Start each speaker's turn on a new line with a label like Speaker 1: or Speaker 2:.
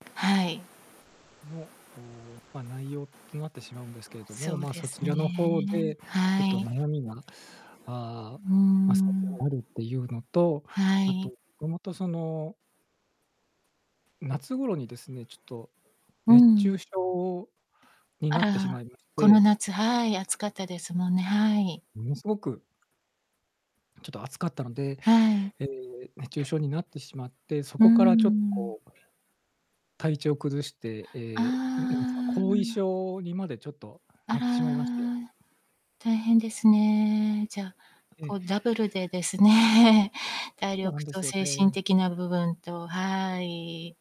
Speaker 1: はい。
Speaker 2: の、おお、ま、内容となってしまうんですけれども、
Speaker 1: そう
Speaker 2: ま、
Speaker 1: で
Speaker 2: そち
Speaker 1: すね。
Speaker 2: らの方でひょっ
Speaker 1: は
Speaker 2: と
Speaker 1: い。う
Speaker 2: 悩みが、ああ、
Speaker 1: ー
Speaker 2: ま、最
Speaker 1: ん。
Speaker 2: 近あるっていうのと、
Speaker 1: は
Speaker 2: あと、
Speaker 1: い。
Speaker 2: どもとその夏頃にですね、ちょっと
Speaker 1: う
Speaker 2: 熱
Speaker 1: ん。
Speaker 2: 中症に
Speaker 1: あ
Speaker 2: なってしま
Speaker 1: ら、
Speaker 2: いまし
Speaker 1: この
Speaker 2: て
Speaker 1: 夏、はい。暑かったですもんね。はい。
Speaker 2: ものすごくちょっと暑かったので、
Speaker 1: はい。
Speaker 2: ええ、熱中症になってしまって、そ
Speaker 1: うー
Speaker 2: こからちょっと
Speaker 1: ん。
Speaker 2: こう体調を崩して、
Speaker 1: あ
Speaker 2: ええ、ん、なんすか、後遺
Speaker 1: あ。
Speaker 2: 症にまでちょっと
Speaker 1: あ
Speaker 2: なってしまいまして。
Speaker 1: ら。大変ですね。じゃ、
Speaker 2: ええ。
Speaker 1: こう、ダブルでですね、体
Speaker 2: そうなん
Speaker 1: 力
Speaker 2: で
Speaker 1: と
Speaker 2: すよ、
Speaker 1: 精神
Speaker 2: で
Speaker 1: 的な部分と、はい。